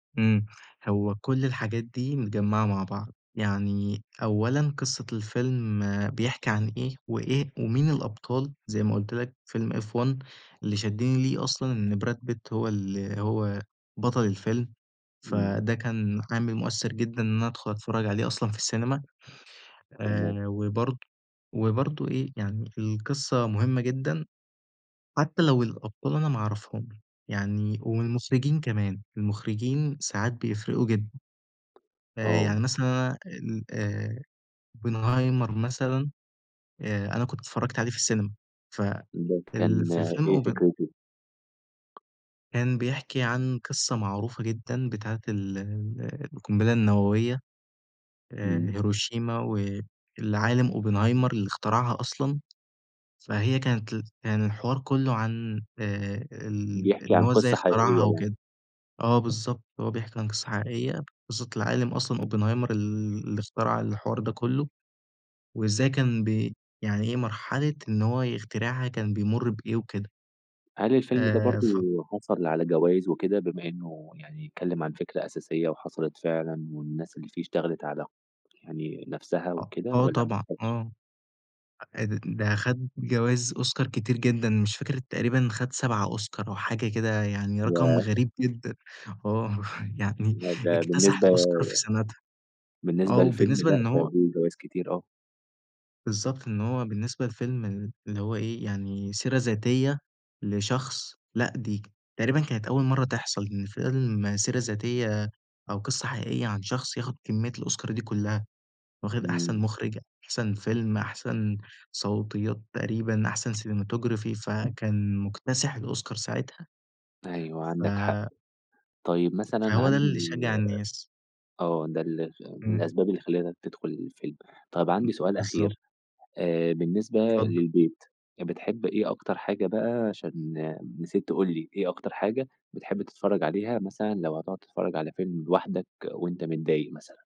إمم، هو كل الحاجات دي متجمعة مع بعض، يعني أولًا قصة الفيلم بيحكي عن إيه، وإيه ومين الأبطال زي ما قُلت لَك فيلم F1 اللي شدّني ليه أصلًا إن براد بيت هو ال هو بطل الفيلم، إمم. فده كان عامل مؤثِّرجدًا إن أنا أدخُل أتفرج عليه أصلًا في السينما تمام. آآ، وبرضه وبرضه إيه يعني القصة مهمة جدًا، حتى لو الأبطال أنا ما أعرفهمش، يعني والمخرجين كمان، المخرجين ساعات بيفرقوا جدًا. آه. فيعني مثلًا أنا ال آآ، Oppenheimer مثلًا آآ أنا كنت اتفرجت عليه في السينما ف ده فال كان في فيلم إيه open فكرته؟ كان بيحكي عن قصة معروفة جدًا بتاعة ال ال القنبلة النووية آآ، إمم. هيروشيما والعالِم Oppenheimer اللي اخترعها أصلًا، فهي كانت ال كان الحوار كله عن آآ ال بيحكي إن عن هو إزاي قصة اخترعها حقيقية يعني. وكده، آه، بالضبط هو بيحكي عن قصة حقيقية قصة العالِم أصلًا Oppenheimer اللي اخترع الحوار ده كله، وإزاي كان ب يعني إيه مرحلة إن هو يخترعها كان بيمر بإيه وكده هل الفيلم ده آآ، برضه ف حصل على جوايز وكده، بما إنه يعني اتكلم عن فكرة أساسية وحصلت فعلًا، والناس اللي فيه اشتغلت على يعني نفسها أ وكده آه والّا طبعًا ماخدش؟ آه، أ ده خد جوايز أوسكار كتير جدًا مش فاكر تقريبًا خد 7 أوسكار أو حاجة كده يعني رقم ياه! غريب جدًا آه، إمم، يعني لأ ده اكتسح بالنسبة الأوسكار في سَنتها آه، بالنسبة لفيلم وبالنسبة لأ، لإن ده هو دي جوايز كتير آه. بالضبط إن هو بالنسبة لفيلم ال اللي هو إيه يعني سيرة ذاتية لشخص لأ، دي تقريبًا كانت أول مرة تحصل إن فيلم سيرة ذاتية أو قصة حقيقية عن شخص ياخد كمية الأوسكار دي كلها، واخد أحسن إمم. مخرج، أحسن فيلم أحسن صوتيات تقريبًا أحسن cinematography فكان مُكتسح الأوسكار ساعتها. أيوه عندك حق، ف طيّب مثلًا فهو ده عندي اللي شجّع الناس. آه، ده ال من إمم. الأسباب اللي خلّتك تدخُل الفيلم، طيّب عندي م سؤال بالضبط. أخير آآ، بالنسبة اتفضل. للبيت بتحب إيه أكتر حاجة بقى عشان نسيت تقول لي إيه أكتر حاجة بتحب تتفرَّج عليها، مثلًا لو هتقعد تتفرَّج على فيلم لوحدك وأنت متضايق مثلًا؟